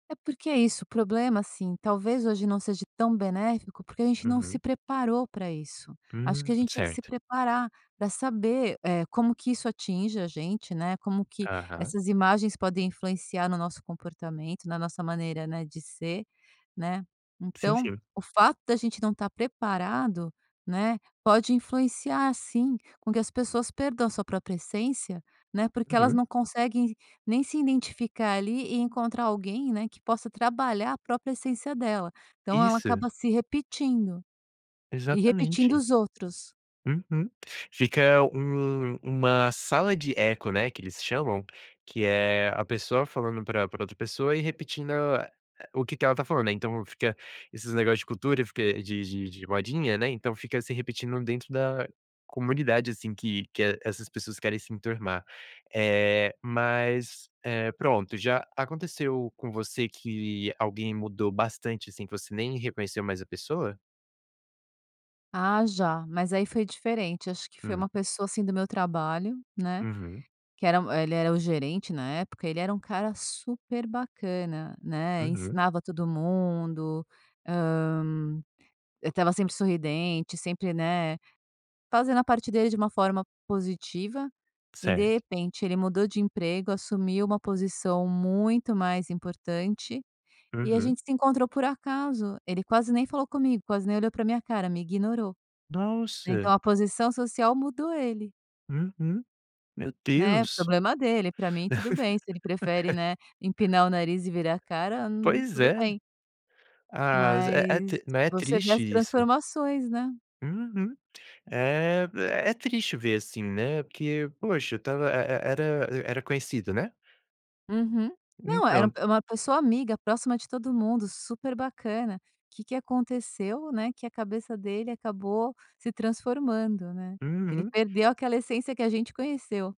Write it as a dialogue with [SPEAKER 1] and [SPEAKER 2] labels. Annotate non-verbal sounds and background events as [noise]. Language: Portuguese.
[SPEAKER 1] É porque é isso, o problema, assim, talvez hoje não seja tão benéfico, porque a gente não se
[SPEAKER 2] Uhum.
[SPEAKER 1] preparou para isso. Acho que
[SPEAKER 2] Hum.
[SPEAKER 1] a gente tinha que se
[SPEAKER 2] Certo.
[SPEAKER 1] preparar para saber, eh, como que isso atinge a gente, né, como que
[SPEAKER 2] Aham.
[SPEAKER 1] essas imagens podem influenciar no nosso comportamento, na nossa maneira, né, de ser, né.
[SPEAKER 2] Sim,
[SPEAKER 1] Então,
[SPEAKER 2] sim.
[SPEAKER 1] o fato da gente não estar preparado, né, pode influenciar sim, com que as pessoas percam sua própria essência, né, porque elas
[SPEAKER 2] Uhum.
[SPEAKER 1] não conseguem nem se identificar ali e encontrar alguém, né, que possa trabalhar a própria essência dela. Então ela
[SPEAKER 2] Isso.
[SPEAKER 1] acaba se repetindo e repetindo
[SPEAKER 2] Exatamente.
[SPEAKER 1] os outros.
[SPEAKER 2] Uhum, fica um uma sala de eco, né, que eles chamam, que é a pessoa falando pra pra outra pessoa e repetindo a o que que ela está falando, né. Então fica esses negócio de cultura, fica de de de modinha, né, então fica se repetindo dentro da comunidade, assim, que que essas pessoas querem se enturmar. Eh, mas, eh, pronto, já aconteceu com você que alguém mudou bastante, assim, que você nem reconheceu mais a pessoa?
[SPEAKER 1] Ah já. Mas aí foi diferente, acho que foi
[SPEAKER 2] Hum.
[SPEAKER 1] uma pessoa, assim, do meu trabalho, né,
[SPEAKER 2] Uhum.
[SPEAKER 1] que era ele era o gerente na época, ele era um cara super bacana, né,
[SPEAKER 2] Uhum.
[SPEAKER 1] ensinava todo mundo, hã, eh, estava sempre sorridente sempre, né, fazendo a parte dele de uma forma positiva. E, de
[SPEAKER 2] Certo.
[SPEAKER 1] repente, ele mudou de emprego, assumiu uma posição muito mais importante, e a
[SPEAKER 2] Uhum.
[SPEAKER 1] gente se encontrou por acaso. Ele quase nem falou comigo, quase nem olhou pra minha cara, me ignorou, né,
[SPEAKER 2] Nossa.
[SPEAKER 1] então a posição social mudou ele.
[SPEAKER 2] Uhum, meu
[SPEAKER 1] Né,
[SPEAKER 2] Deus.
[SPEAKER 1] problema dele. Pra mim tudo bem, se ele prefere,
[SPEAKER 2] [laughs]
[SPEAKER 1] né, empinar o nariz e virar a cara, hum,
[SPEAKER 2] Pois
[SPEAKER 1] tudo
[SPEAKER 2] é.
[SPEAKER 1] bem
[SPEAKER 2] Ah, z é é
[SPEAKER 1] mas
[SPEAKER 2] tri não, é
[SPEAKER 1] você vê
[SPEAKER 2] triste
[SPEAKER 1] as
[SPEAKER 2] isso.
[SPEAKER 1] transformações, né.
[SPEAKER 2] Uhum, é v é triste ver, assim, né, porque poxa, estava e e era era conhecido, né?
[SPEAKER 1] Uhum, não, era
[SPEAKER 2] Entanto.
[SPEAKER 1] é uma pessoa amiga, próxima de todo mundo, super bacana. Que que aconteceu, né, que a cabeça dele acabou se transformando, né, ele
[SPEAKER 2] Uhum.
[SPEAKER 1] perdeu aquela essência que a gente conheceu.